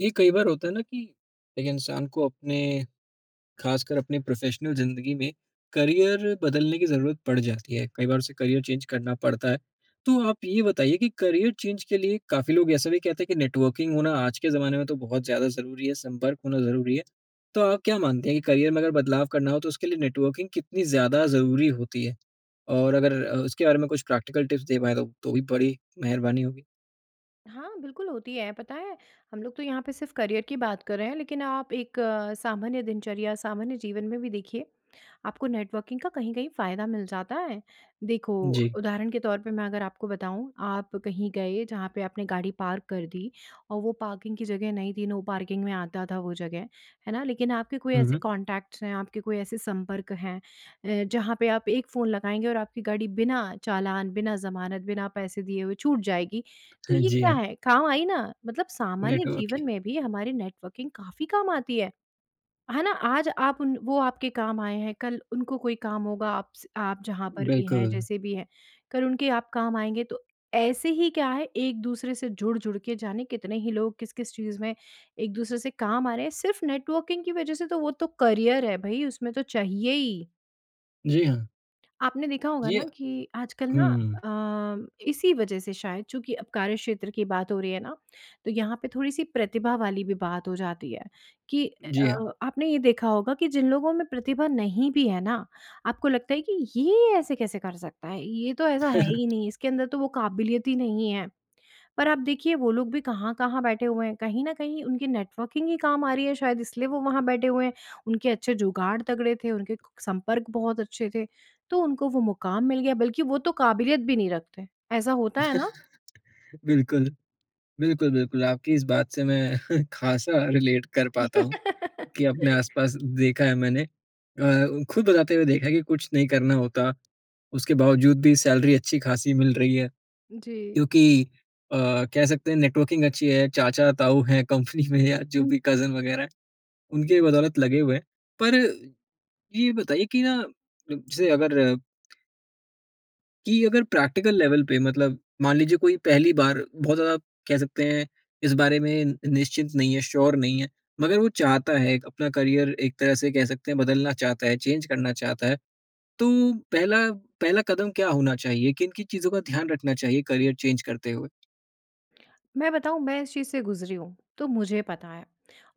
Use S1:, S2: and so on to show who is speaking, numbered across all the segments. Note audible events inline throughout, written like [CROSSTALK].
S1: ये कई बार होता है ना कि, एक इंसान को अपने ख़ासकर अपनी प्रोफ़ेशनल ज़िंदगी में करियर बदलने की ज़रूरत पड़ जाती है। कई बार उसे करियर चेंज़ करना पड़ता है। तो आप ये बताइए कि करियर चेंज के लिए काफ़ी लोग ऐसा भी कहते हैं कि नेटवर्किंग होना आज के ज़माने में तो बहुत ज़्यादा ज़रूरी है, संपर्क होना ज़रूरी है। तो आप क्या मानते हैं कि करियर में अगर बदलाव करना हो तो उसके लिए नेटवर्किंग कितनी ज़्यादा ज़रूरी होती है? और अगर अ, उसके बारे में कुछ प्रैक्टिकल टिप्स दे पाएँ तो तो भी बड़ी मेहरबानी होगी?
S2: हाँ, बिल्कुल होती है, पता है हम लोग तो यहाँ पे सिर्फ़ करियर की बात कर रहे हैं। लेकिन आप एक सामान्य दिनचर्या, सामान्य जीवन में भी देखिए, आपको नेटवर्किंग का कहीं-कहीं फ़ायदा मिल जाता है। देखो
S1: जी।
S2: उदाहरण के तौर पे मैं अगर आपको बताऊँ। आप कहीं गए जहाँ पे आपने गाड़ी पार्क कर दी और वो पार्किंग की जगह नहीं थी नो पार्किंग में आता था वो जगह। है ना? लेकिन आपके कोई
S1: हुँ,
S2: ऐसे
S1: हुँ।
S2: कॉन्टैक्ट्स हैं, आपके कोई ऐसे संपर्क हैं अ, जहाँ पे आप एक फ़ोन लगाएँगे और आपकी गाड़ी बिना चालान, बिना ज़मानत, बिना पैसे दिए हुए छूट जाएगी। तो
S1: हाँ,
S2: ये
S1: जी
S2: क्या
S1: हाँ।
S2: है, काम आई ना? मतलब सामान्य
S1: नेटवर्क
S2: जीवन
S1: ही।
S2: में भी हमारी नेटवर्किंग काफ़ी काम आती है। है ना? आज आप उन वो आपके काम आए हैं कल उनको कोई काम होगा, आप स आप जहाँ पर भी हैं,
S1: बिल्कुल।
S2: जैसे भी हैं कल उनके आप काम आएँगे। तो ऐसे ही क्या है एक-दूसरे से जुड़-जुड़ के जाने कितने ही लोग किस-किस चीज़ में एक-दूसरे से काम आ रहे हैं सिर्फ़ नेटवर्किंग की वज़ह से। तो वो तो करियर है भई उसमें तो चाहिए ही।
S1: जी, हाँ।
S2: आपने देखा होगा
S1: जी अ,
S2: ना कि आजकल ना
S1: हुँ।
S2: अ, इसी वजह से शायद चूँकि अब कार्यक्षेत्र की बात हो रही है ना तो यहाँ पे थोड़ी-सी प्रतिभा वाली भी बात हो जाती है कि
S1: जी
S2: अ
S1: हाँ।
S2: आपने ये देखा होगा कि जिन लोगों में प्रतिभा नहीं भी है ना आपको लगता है कि ये ऐसे कैसे कर सकता है, ये तो ऐसा है
S1: [CHUCKLES]
S2: ही नहीं इसके अंदर तो वो क़ाबिलियत ही नहीं है। पर आप देखिए वो लोग भी कहाँ-कहाँ बैठे हुए हैं कहीं न कहीं उनकी नेटवर्किंग ही काम आ रही है शायद इसलिए वो वहाँ बैठे हुए हैं। उनके अच्छे जुगाड़ तगड़े थे। उनके क संपर्क बहुत अच्छे थे तो उनको वो मुक़ाम मिल गया बल्कि वो तो क़ाबिलियत भी नहीं रखते ऐसा होता है ना?
S1: [CHUCKLES] बिल्कुल। बिल्कुल, बिल्कुल आपकी इस बात से मैं [CHUCKLES] ख़ासा रिलेट कर पाता हूँ कि अपने
S2: [LAUGHS]
S1: आसपास देखा है मैंने। अ, ख़ुद बताते हुए देखा है कि कुछ नहीं करना होता उसके बावजूद भी सैलरी अच्छी-ख़ासी मिल रही है
S2: जी।
S1: क्योंकि, अ, कह सकते हैं नेटवर्किंग अच्छी है चाचा-ताऊ हैं कंपनी में या जो
S2: हुँ।
S1: भी कज़न वग़ैरह है। उनकी बदौलत लगे हुए हैं। पर ये बताइए कि ना अ, जैसे अगर कि, अगर प्रैक्टिकल लेवल पे मतलब मान लीजिए कोई पहली बार बहुत ज्यादा कह सकते हैं इस बारे में निश्चिंत नहीं है, श्योर नहीं है। मगर वो चाहता है एक अपना करियर एक तरह से कह सकते हैं, बदलना चाहता है, चेंज करना चाहता है। तो पहला पहला कदम क्या होना चाहिए? किन-किन चीज़ों का ध्यान रखना चाहिए करियर चेंज करते हुए?
S2: मैं बताऊँ मैं इस चीज़ से गुज़री हूँ, तो मुझे पता है।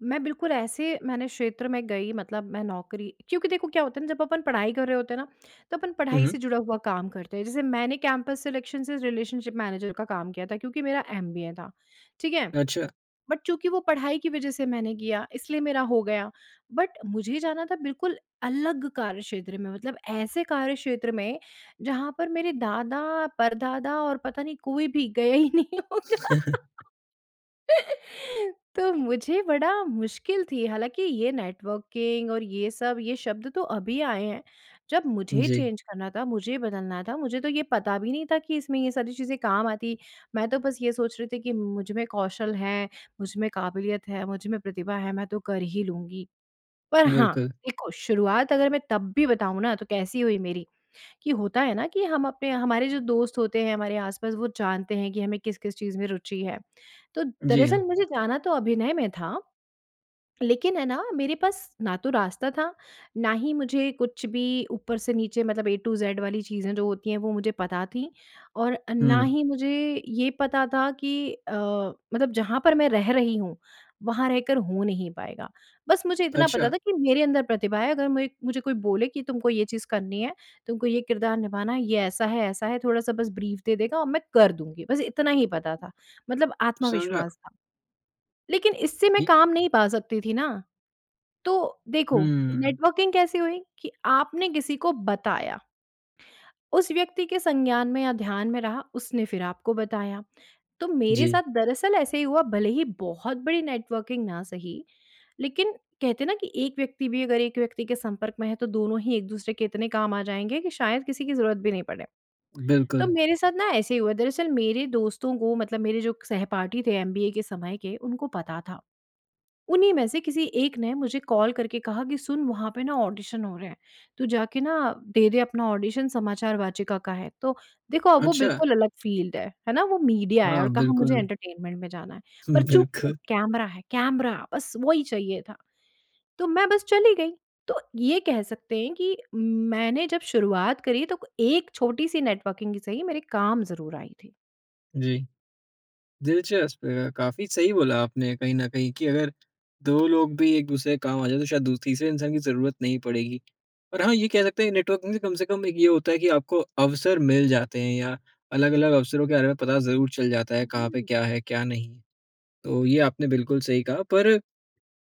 S2: मैं बिल्कुल ऐसे मैंने क्षेत्र में गई मतलब मैं नौकरी क्योंकि देखो क्या होता है ना जब अपन पढ़ाई कर रहे होते हैं ना, तो अपन पढ़ाई से
S1: हुँ।
S2: जुड़ा हुआ काम करते हैं। जैसे मैंने कैंपस सिलेक्शन से रिलेशनशिप मैनेजर का काम किया था क्योंकि मेरा एमबीए था। ठीक है?
S1: अच्छा।
S2: बट चूँकि वो पढ़ाई की वज़ह से मैंने किया इसलिए मेरा हो गया। बट मुझे जाना था बिल्कुल अलग कार्यक्षेत्र में। मतलब ऐसे कार्यक्षेत्र में जहाँ पर मेरे दादा-परदादा और पता नहीं कोई भी गया ही नहीं होगा।
S1: [CHUCKLES]
S2: [CHUCKLES] तो मुझे बड़ा मुश्किल थी हालाँकि ये नेटवर्किंग और ये सब, ये शब्द तो अभी आए हैं। जब मुझे
S1: जी।
S2: चेंज करना था, मुझे बदलना था मुझे तो ये पता भी नहीं था कि इसमें ये सारी चीज़ें काम आती। मैं तो बस ये सोच रही थी कि मुझ में कौशल है, मुझ में काबिलियत है, मुझ में प्रतिभा है मैं तो कर ही लूँगी। पर हाँ,
S1: बिल्कुल।
S2: देखो शुरुआत अगर मैं तब भी बताऊँ ना, तो कैसी हुई मेरी कि होता है ना कि हम अपने हमारे जो दोस्त होते हैं हमारे आस-पास वो जानते हैं कि हमें किस-किस चीज़ में रुचि है। तो
S1: जी,
S2: दरअसल
S1: हाँ।
S2: मुझे जाना तो अभिनय में था, लेकिन है ना मेरे पास ना तो रास्ता था, ना ही मुझे कुछ भी ऊपर से नीचे मतलब ए टू ज़ेड वाली चीज़ें जो होती हैं वो मुझे पता थी। और ना
S1: हुँ।
S2: ही मुझे ये पता था कि अ मतलब जहाँ पर मैं रह रही हूँ वहाँ रहकर हो नहीं पाएगा। बस मुझे इतना पता
S1: अच्छा।
S2: था कि मेरे अंदर प्रतिभा है अगर मैं मुझे कोई बोले कि तुमको ये चीज़ करनी है, तुमको ये किरदार निभाना है, ये ऐसा है, ऐसा है थोड़ा-सा बस ब्रीफ दे देगा और मैं कर दूँगी, बस इतना ही पता था, मतलब
S1: समझा।
S2: आत्मविश्वास था। लेकिन इससे मैं
S1: जी।
S2: काम नहीं पा सकती थी ना। तो देखो,
S1: हुँ।
S2: नेटवर्किंग कैसी हुई कि आपने किसी को बताया उस व्यक्ति के संज्ञान में या ध्यान में रहा उसने फ़िर आपको बताया। तो मेरे
S1: जी।
S2: साथ दरअसल ऐसे ही हुआ भले ही बहुत बड़ी नेटवर्किंग ना सही लेकिन कहते हैं ना कि एक व्यक्ति भी अगर एक व्यक्ति के संपर्क में है। तो दोनों ही एक-दूसरे के इतने काम आ जाएँगे कि शायद किसी की ज़रूरत भी नहीं पड़े। [SMACKS LIPS] तो
S1: बिल्कुल।
S2: मेरे साथ ना ऐसे ही हुआ दरअसल मेरे दोस्तों को मतलब मेरे जो सहपाठी थे एमबीए के समय के उनको पता था। उन्हीं में से किसी एक ने मुझे कॉल करके कहा कि, "सुन वहाँ पे ना ऑडिशन हो रहे हैं। तू जाके ना दे दे अपना ऑडिशन समाचार वाचिका का है।" तो देखो अब वो
S1: अच्छा।
S2: बिल्कुल अलग फ़ील्ड है। है ना? वो मीडिया है
S1: हाँ,
S2: और कहाँ मुझे
S1: बिल्कुल।
S2: एंटरटेनमेंट में जाना है पर
S1: हुँ,
S2: चूँकि
S1: बिल्कुल।
S2: कैमरा है, कैमरा बस वही चाहिए था। तो मैं बस चली गई। तो ये कह सकते हैं कि मैंने जब शुरुआत करी तो एक छोटी-सी नेटवर्किंग ही सही मेरे काम ज़रूर आई थी।
S1: जी। दिलचस्प, अ, काफ़ी सही बोला आपने कहीं न कहीं कि अगर 2 लोग भी एक-दूसरे के काम आ जाएँ तो शायद दू तीसरे इंसान की ज़रूरत नहीं पड़ेगी। और हाँ ये कह सकते हैं नेटवर्किंग से कम से कम एक ये होता है कि आपको अवसर मिल जाते हैं या अलग-अलग अवसरों के बारे में पता ज़रूर चल जाता
S2: उ,
S1: है, कहाँ पे
S2: हुँ।
S1: क्या है? क्या नहीं? तो ये आपने बिल्कुल सही कहा पर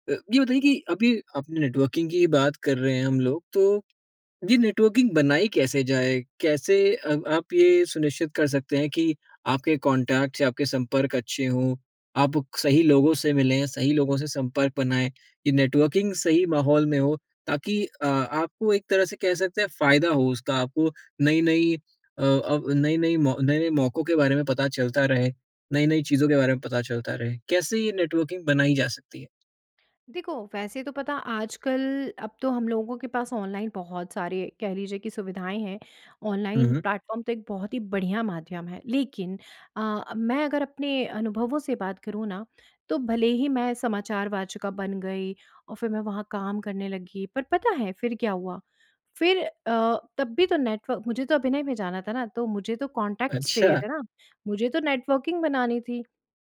S1: अ, ये बताइए कि अभी अपने नेटवर्किंग की ही बात कर रहे हैं हम लोग, तो ये नेटवर्किंग बनाई कैसे जाए? कैसे अ, आप ये सुनिश्चित कर सकते हैं कि आपके कॉन्टेक्ट्स या आपके संपर्क अच्छे हों, आप सही लोगों से मिलें सही लोगों से संपर्क बनाएँ? ये नेटवर्किंग सही माहौल में हो ताकि अ, आपको एक तरह से कह सकते हैं फ़ायदा हो उसका? आपको नई-नई अ, अब नई-नई मौ नए-नए मौकों के बारे में पता चलता रहे, नई-नई चीज़ों के बारे में पता चलता रहे, कैसे ये नेटवर्किंग बनाई जा सकती है?
S2: देखो वैसे तो पता आजकल अब तो हम लोगों के पास ऑनलाइन बहुत सारे कह लीजिए कि सुविधाएँ हैं,
S1: हुँ,
S2: ऑनलाइन
S1: हुँ।
S2: प्लेटफ़ॉर्म तो एक बहुत ही बढ़िया माध्यम है। लेकिन अ, मैं अगर अपने अनुभवों से बात करूँ ना तो भले ही मैं समाचार वाचिका बन गई और फिर मैं वहाँ काम करने लगी पर पता है फिर क्या हुआ, फिर अ, तब भी तो नेटव मुझे तो अभिनय में जाना था ना, तो मुझे तो कॉन्टैक्ट्स चाहिए
S1: अच्छा।
S2: थे ना, मुझे तो नेटवर्किंग बनानी थी।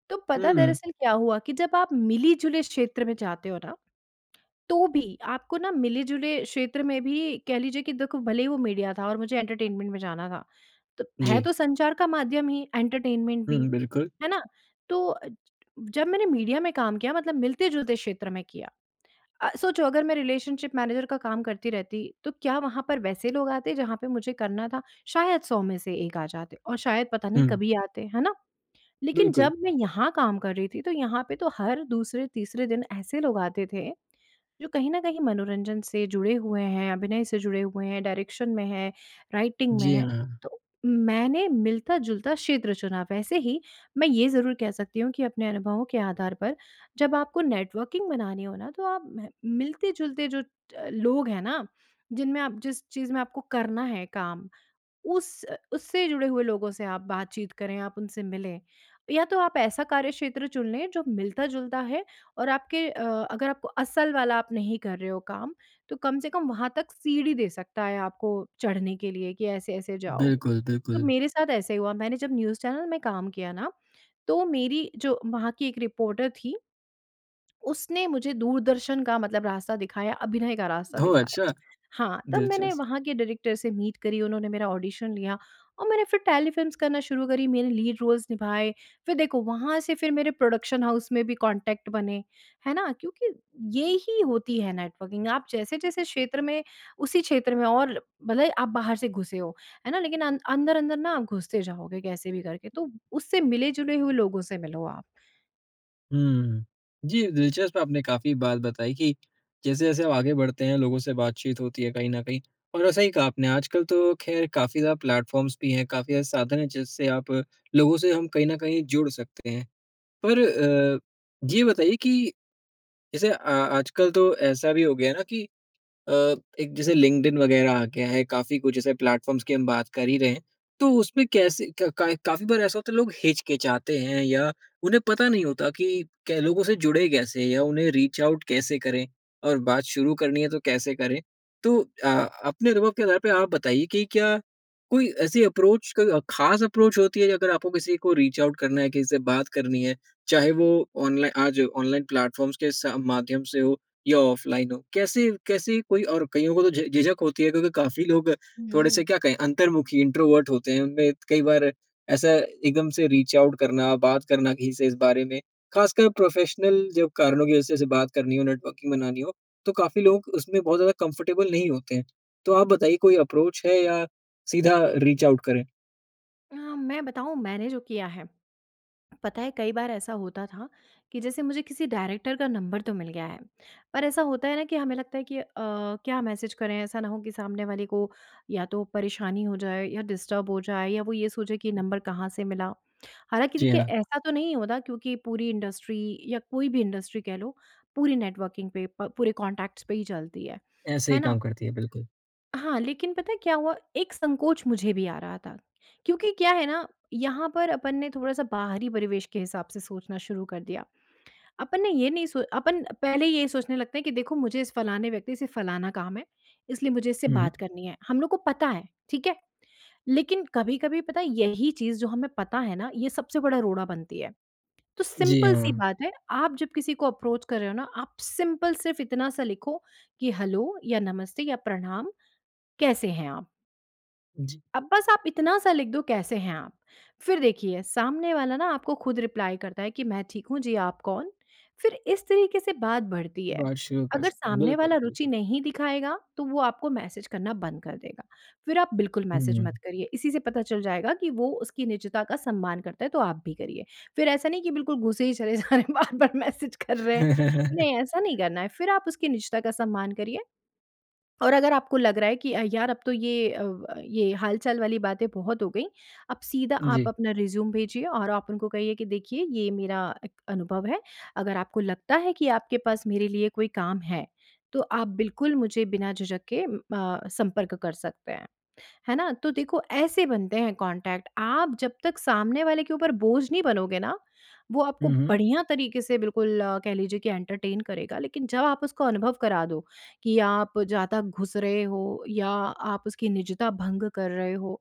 S2: तो पता
S1: हुँ।
S2: दरअसल क्या हुआ कि जब आप मिली-जुले क्षेत्र में जाते हो ना, [CLICKS TONGUE] तो भी आपको ना मिले-जुले क्षेत्र में भी कह लीजिए कि देखो भले ही वो मीडिया था और मुझे एंटरटेनमेंट में जाना था, त है
S1: जी।
S2: तो संचार का माध्यम ही एंटरटेनमेंट भी,
S1: हुँ, बिल्कुल।
S2: है ना? तो अ, जब मैंने मीडिया में काम किया मतलब मिलते-जुलते क्षेत्र में किया। अ, सोचो अगर मैं रिलेशनशिप मैनेज़र का काम करती रहती तो क्या वहाँ पर वैसे लोग आते जहाँ पे मुझे करना था? शायद 100 में से 1 आ जाते और शायद पता नहीं
S1: हुँ।
S2: कभी आते, है ना? लेकिन
S1: बिल्कुल।
S2: जब मैं यहाँ काम कर रही थी, तो यहाँ पे तो हर दूसरे-तीसरे दिन ऐसे लोग आते थे, जो कहीं न कहीं मनोरंजन से जुड़े हुए हैं, अभिनय से जुड़े हुए हैं, डायरेक्शन में है, राइटिंग में
S1: जी
S2: है,
S1: हाँ।
S2: तो मैंने मिलता-जुलता क्षेत्र चुना। वैसे ही मैं ये ज़रूर कह सकती हूँ कि अपने अनुभवों के आधार पर जब आपको नेटवर्किंग बनानी हो ना तो आप मह मिलते-जुलते जो अ, लोग हैं ना, जिनमें आप जिस चीज़ में आपको करना है काम उस अ, उससे जुड़े हुए लोगों से आप बातचीत करें, आप उनसे मिलें। या तो आप ऐसा कार्यक्षेत्र चुन लें जो मिलता-जुलता है और आपके अ, अगर आपको असल वाला आप नहीं कर रहे हो काम तो कम से कम वहाँ तक सीढ़ी दे सकता है आपको चढ़ने के लिए कि ऐसे-ऐसे जाओ।
S1: बिल्कुल,
S2: तब
S1: बिल्कुल।
S2: मेरे साथ ऐसा ही हुआ, मैंने जब न्यूज़ चैनल में काम किया ना तो मेरी जो वहाँ की एक रिपोर्टर थी। उसने मुझे दूरदर्शन का मतलब रास्ता दिखाया, अभिनय का रास्ता
S1: ओह
S2: दिखाया।
S1: अच्छा!
S2: हाँ, तब मैंने
S1: दिलचस्प।
S2: वहाँ के डायरेक्टर से मीट करी, उन्होंने मेरा ऑडिशन लिया और मैंने फिर टेलीफ़िल्म्स करना शुरू करी। मेरे लीड रोल्स निभाए, फिर देखो वहाँ से फिर मेरे प्रोडक्शन हाउस में भी कॉन्टैक्ट बने, है ना? क्योंकि ये ही होती है नेटवर्किंग। आप जैसे-जैसे क्षेत्र में उसी क्षेत्र में और ल भले ही आप बाहर से घुसे हो, है ना? लेकिन अन अंदर-अंदर ना आप घुसते जाओगे कैसे भी करके। तो उससे मिले-जुले हुए लोगों से मिलो आप।
S1: हुँ, हुँ। जी, दिलचस्प आपने काफ़ी बात बताई कि जैसे-जैसे आगे बढ़ते हैं लोगों से बातचीत होती है कहीं न कहीं और सही कहा आपने आजकल तो खैर काफ़ी ज़्यादा प्लेटफ़ॉर्म्स भी हैं काफ़ी ज़्यादा साधन है जिससे आप लोगों से हम कहीं न कहीं जुड़ सकते हैं। पर अ, ये बताइए कि जैसे अ, आजकल तो ऐसा भी हो गया है ना कि अ, एक जैसे लिंक्डइन वग़ैरह आ गया है काफ़ी कुछ ऐसे प्लेटफ़ॉर्म्स की हम बात कर ही रहे हैं तो उसमें कैसे कै का काफ़ी बार ऐसा होता है लोग हिचकिचाते हैं या उन्हें पता नहीं होता कि कै लोगों से जुड़े कैसे या उन्हें रीच आउट कैसे करें और बात शुरू करनी है तो कैसे करें? तो अ, अपने अनुभव के आधार पे आप बताइए कि क्या कोई ऐसी अप्रोच क ख़ास अप्रोच होती है अगर आपको किसी को रीच आउट करना है किसी से बात करनी है, चाहे वो ऑनलाइन आज ऑनलाइन प्लेटफ़ॉर्म्स के स माध्यम से हो या ऑफलाइन हो, कैसे कैसे कोई और कइयों को तो झि झिझक होती है क्योंकि काफ़ी लोग
S2: हुँ,
S1: थोड़े से
S2: हुँ।
S1: क्या कहें अंतर्मुखी इंट्रोवर्ट होते हैं उनमें कई बार ए ऐसा एकदम से रीच आउट करना, बात करना किसी से इस बारे में, ख़ासकर प्रोफ़ेशनल जो कारणों की वज़ह से बात करनी हो नेटवर्किंग बनानी हो, तो काफ़ी लोग उसमें बहुत ज़्यादा कंफ़र्टेबल नहीं होते हैं तो आप बताइए कोई अप्रोच है या सीधा रीच आउट करें?
S2: अ, मैं बताऊँ मैंने जो किया है। पता है कई बार ऐसा होता था कि जैसे मुझे किसी डायरेक्टर का नंबर तो मिल गया है, पर ऐसा होता है ना कि हमें लगता है कि अ, क्या मैसेज करें ऐसा ना हो कि सामने वाले को या तो परेशानी हो जाए या डिस्टर्ब हो जाए या वो ये सोचे कि नंबर कहाँ से मिला। हालाँकि
S1: जी,
S2: देखिए
S1: हाँ।
S2: ऐसा तो नहीं होता क्योंकि पूरी इंडस्ट्री या कोई भी इंडस्ट्री कह लो पूरी नेटवर्किंग पे प पूरे कॉन्टैक्ट्स पर ही चलती है।
S1: ऐसे
S2: है
S1: ही काम
S2: ना?
S1: करती है। बिल्कुल।
S2: हाँ, लेकिन पता है क्या हुआ एक संकोच मुझे भी आ रहा था। क्योंकि क्या है ना यहाँ पर अपन ने थोड़ा-सा बाहरी परिवेश के हिसाब से सोचना शुरू कर दिया अपन ने ये नहीं सो अपन पहले ये सोचने लगते हैं कि देखो मुझे इस फलाने व्यक्ति से फलाना काम है इसलिए मुझे इससे
S1: हुँ।
S2: बात करनी है। हम लोग को पता है ठीक है, लेकिन कभी-कभी पता है यही चीज़ जो हमें पता है ना ये सबसे बड़ा रोड़ा बनती है। तो
S1: जी,
S2: सिंपल सी
S1: हाँ।
S2: बात है आप जब किसी को अप्रोच कर रहे हो ना आप सिंपल सिर्फ़ इतना-सा लिखो कि हैलो या नमस्ते या प्रणाम, कैसे हैं आप।
S1: जी।
S2: अब बस आप इतना-सा लिख दो कैसे हैं आप, फ़िर देखिए सामने वाला ना आपको ख़ुद रिप्लाई करता है कि मैं ठीक हूँ जी, आप कौन? फ़िर इस तरीक़े से बात बढ़ती है।
S1: बात शुरू कर
S2: अगर
S1: सकते हैं।
S2: सामने
S1: बिल्कुल,
S2: वाला रुचि
S1: बिल्कुल।
S2: नहीं दिखाएगा तो वो आपको मैसेज करना बंद कर देगा, फ़िर आप बिल्कुल मैसेज मत
S1: हुँ।
S2: करिए। इसी से पता चल जाएगा कि वो उसकी निज़ता का सम्मान करता है तो आप भी करिए। फ़िर ऐसा नहीं कि बिल्कुल घुसे ही चले जा रहे हैं बार-बार मैसेज कर रहे हैं नहीं ऐसा नहीं
S1: [CHUCKLES]
S2: करना है फ़िर आप उसकी निज़ता का सम्मान करिए। और अगर आपको लग रहा है कि अ, यार अब तो ये अ, ब ये हाल-चाल वाली बातें बहुत हो गईं अब सीधा आप
S1: जी।
S2: अपना रेज़्यूमे भेजिए और आप उनको कहिए कि देखिए, ये मेरा अ, अनुभव है। अगर आपको लगता है कि आपके पास मेरे लिए कोई काम है तो आप बिल्कुल मुझे बिना झिझक के अ, संपर्क कर सकते हैं। है ना? तो देखो ऐसे बनते हैं कॉन्टैक्ट आप जब तक सामने वाले के ऊपर बोझ नहीं बनोगे ना वो आपको
S1: हुँ, हुँ।
S2: बढ़िया तरीक़े से बिल्कुल कह लीजिए कि एंटरटेन करेगा। लेकिन जब आप उसको अनुभव करा दो कि आप ज़्यादा घुस रहे हो या आप उसकी निज़ता भंग कर रहे हो,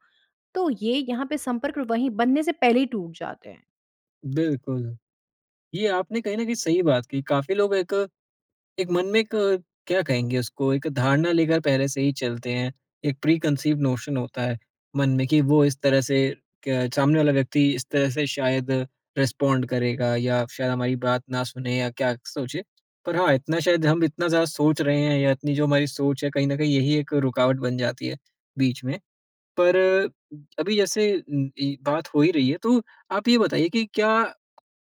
S2: तो ये यहाँ पे संपर्क वहीं बनने से पहले ही टूट जाते हैं।
S1: बिल्कुल। ये आपने कहीं न कहीं सही बात की। काफ़ी लोग एक एक मन में एक क्या कहेंगे उसको? एक धारणा लेकर पहले से ही चलते हैं। एक प्रीकन्सीव्ड नोशन होता है मन में, कि वो इस तरह से क सामने वाला व्यक्ति इस तरह से शायद रिस्पॉन्ड करेगा, या शायद हमारी बात ना सुने, या क्या सोचे। पर हाँ, इतना शायद हम इतना ज़्यादा सोच रहे हैं, या इतनी जो हमारी सोच है, कहीं न कहीं यही एक रुकावट बन जाती है, बीच में। पर अभी जैसे उम, इ बात हो ही रही है, तो आप ये बताइए कि क्या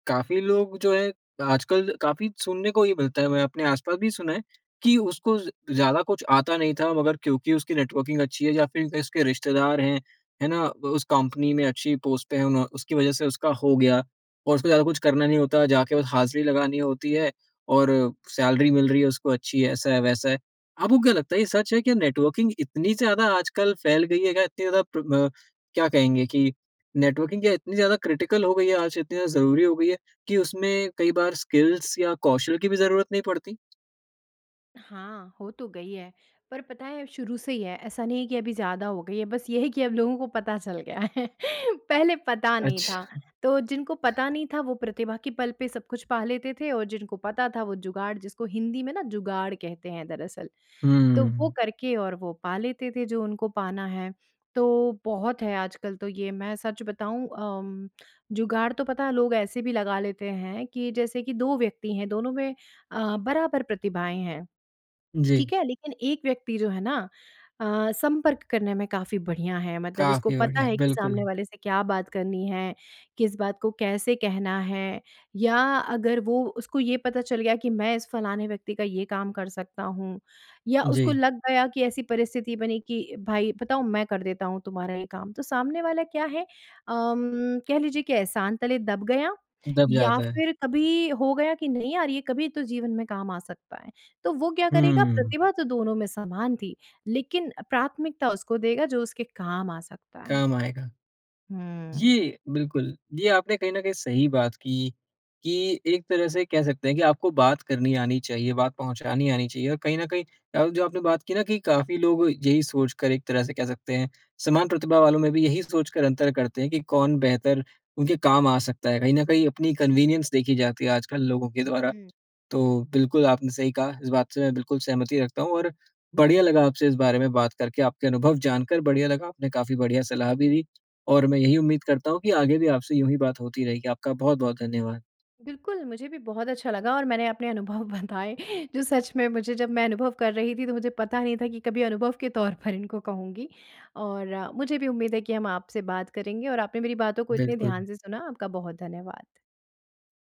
S1: काफ़ी लोग जो हैं, आजकल काफ़ी सुनने को ये मिलता है, मैंने अपने आस-पास भी सुना है कि उसको ज़ ज़्यादा कुछ आता नहीं था, मगर क्योंकि उसकी नेटवर्किंग अच्छी है या फिर कहें, उसके रिश्तेदार हैं, है ना? उस कंपनी में अच्छी पोस्ट पे हैं, उन्हों उसकी वज़ह से उसका हो गया। और उसको ज़्यादा कुछ करना नहीं होता, जाके बस हाज़री लगानी होती है, और सैलरी मिल रही है उसको अच्छी, ऐसा है, वैसा है। आपको क्या लगता है, ये सच है? क्या नेटवर्किंग इतनी ज़्यादा आजकल फैल गयी है? क्या इतनी ज़्यादा प्र ब क्या कहेंगे कि नेटवर्किंग क्या इतनी ज़्यादा क्रिटिकल हो गयी है आज, इतनी ज़्यादा ज़रूरी हो गयी है कि उसमें कई बार स्किल्स या कौशल की भी ज़रूरत नहीं पड़ती?
S2: हाँ, हो तो गई है, पर पता है शुरू से ही है ऐसा नहीं है कि अभी ज़्यादा हो गई है बस ये कि अब लोगों को पता चल गया है पहले पता नहीं था।
S1: अच्छा।
S2: तो जिनको पता नहीं था वो प्रतिभा के पल पे सब कुछ पा लेते थे और जिनको पता था वो जुगाड़ जिसको हिंदी में ना जुगाड़ कहते हैं दरअसल, तो वो
S1: हुँ।
S2: करके और वो पा लेते थे जो उनको पाना है। तो बहुत है आजकल तो ये मैं सच बताऊँ अम, जुगाड़ तो पता है लोग ऐसे भी लगा लेते हैं कि जैसे कि 2 व्यक्ति हैं, दोनों में अ, बराबर प्रतिभाएँ हैं,
S1: जी।
S2: ठीक है? लेकिन 1 व्यक्ति जो है ना अ, संपर्क करने में काफ़ी बढ़िया है मतलब उसको
S1: काफ़ी
S2: पता
S1: बढ़िया,
S2: है कि सामने
S1: बिल्कुल।
S2: वाले से क्या बात करनी है? किस बात को कैसे कहना है? या अगर वो उसको ये पता चल गया कि मैं इस फलाने व्यक्ति का ये काम कर सकता हूँ, या उसको
S1: जी।
S2: लग गया कि ऐसी परिस्थिति बनी कि भाई बताऊँ मैं कर देता हूँ तुम्हारा ये काम, तो सामने वाला क्या है? उम, कह लीजिए कि एहसान तले दब गया,
S1: दब
S2: या
S1: जाता है।
S2: फिर कभी हो गया कि नहीं यार ये कभी तो जीवन में काम आ सकता है। तो वो क्या करेगा
S1: हुँ।
S2: प्रतिभा तो दोनों में समान थी लेकिन प्राथमिकता उसको देगा जो उसके काम आ सकता है।
S1: काम आएगा।
S2: हुँ।
S1: ये बिल्कुल, ये आपने कहीं न कहीं सही बात की, कि एक तरह से कह सकते हैं कि आपको बात करनी आनी चाहिए, बात पहुँचानी आनी चाहिए और कहीं न कहीं आप जो आपने बात की ना कि काफ़ी लोग यही सोचकर एक तरह से कह सकते हैं, समान प्रतिभा वालों में भी यही सोच कर अंतर करते हैं कि कौन बेहतर उनके काम आ सकता है, कहीं न कहीं अपनी कन्वीनियंस देखी जाती है आजकल लोगों के
S2: उ,
S1: द्वारा।
S2: हुँ।
S1: तो बिल्कुल आपने सही कहा इस बात से मैं बिल्कुल सहमति रखता हूँ और बढ़िया लगा आपसे इस बारे में बात करके आपके अनुभव जानकर बढ़िया लगा, आपने काफ़ी बढ़िया सलाह भी दी। और मैं यही उम्मीद करता हूँ कि आगे भी आपसे यूँ ही बात होती रहेगी। आपका बहुत-बहुत धन्यवाद।
S2: बिल्कुल, मुझे भी बहुत अच्छा लगा और मैंने अपने अनुभव बताए जो सच में मुझे जब मैं अनुभव कर रही थी तो मुझे पता नहीं था कि कभी अनुभव के तौर पर इनको कहूँगी। और मुझे भी उम्मीद है कि हम आपसे बात करेंगे और आपने मेरी बातों को इतने ध्यान
S1: बिल्कुल।
S2: से सुना, आपका बहुत धन्यवाद।